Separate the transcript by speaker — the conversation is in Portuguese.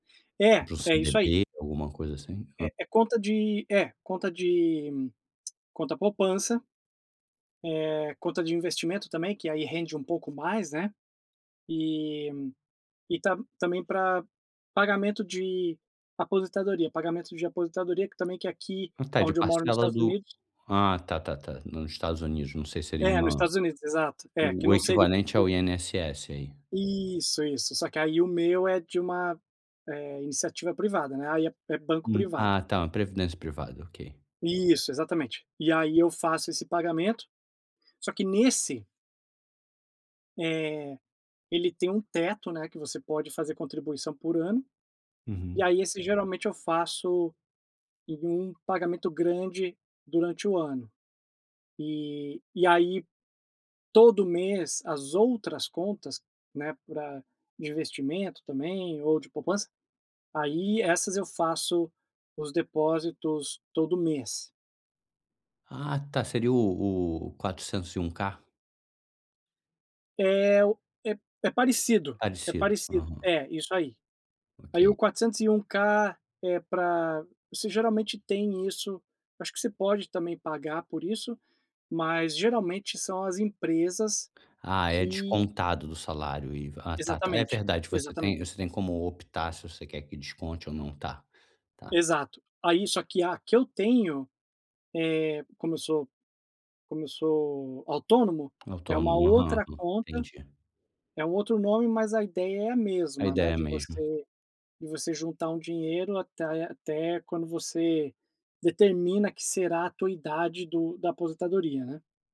Speaker 1: É,
Speaker 2: Para o
Speaker 1: é isso aí.
Speaker 2: CDB, alguma coisa assim? Hã.
Speaker 1: É é conta de é, conta de conta poupança, eh, conta de investimento também, que aí rende um pouco mais, né, e e tá também pra pagamento de aposentadoria. Pagamento de aposentadoria que também que é aqui
Speaker 2: Ah, tá, de
Speaker 1: aonde eu moro nos
Speaker 2: parcela
Speaker 1: Estados
Speaker 2: do
Speaker 1: Unidos
Speaker 2: ah, tá tá tá, no Estados Unidos, não sei, seria
Speaker 1: É, nos
Speaker 2: uma
Speaker 1: Estados Unidos, exato, é, aqui
Speaker 2: o o
Speaker 1: não seri
Speaker 2: equivalente ao
Speaker 1: [unintelligible]
Speaker 2: INSS aí.
Speaker 1: Isso, isso, só que aí o meu é de uma, eh, iniciativa privada, né, aí é é banco
Speaker 2: Hum, ah
Speaker 1: privado.
Speaker 2: tá, uma previdência privada, ok.
Speaker 1: Isso, exatamente, e aí eu faço esse pagamento, só que nesse eh, ele tem um teto, né, que você pode fazer contribuição por ano. E
Speaker 2: Uhum.
Speaker 1: aí esse, geralmente, eu faço em um pagamento grande durante o ano e e aí, todo mês, as outras contas, né, pra de investimento também ou de poupança, aí essas eu faço os depósitos todo mês.
Speaker 2: Ah tá, seria o o 401k.
Speaker 1: É o é é parecido é
Speaker 2: Parecido,
Speaker 1: parecido.
Speaker 2: aham.
Speaker 1: É, isso aí. Aí o
Speaker 2: Ok.
Speaker 1: 401k é pra você geralmente tem isso, acho que você pode também pagar por isso, mas geralmente são as empresas
Speaker 2: Ah, é
Speaker 1: que
Speaker 2: descontado do salário o IVA, ah tá tá, é
Speaker 1: Exatamente,
Speaker 2: verdade que você tem
Speaker 1: exatamente.
Speaker 2: você tem como optar se você quer que desconte ou não tá, tá.
Speaker 1: Exato. Aí só que a que eu tenho, eh, como eu sou como eu sou autônomo, é uma
Speaker 2: Autônomo. Aham,
Speaker 1: outra conta,
Speaker 2: entendi.
Speaker 1: é um outro nome. Mas a ideia é a
Speaker 2: A
Speaker 1: mesma,
Speaker 2: ideia
Speaker 1: né,
Speaker 2: é
Speaker 1: de
Speaker 2: mesmo.
Speaker 1: você de você juntar um dinheiro até até quando você determina que será a tua idade do da aposentadoria, né.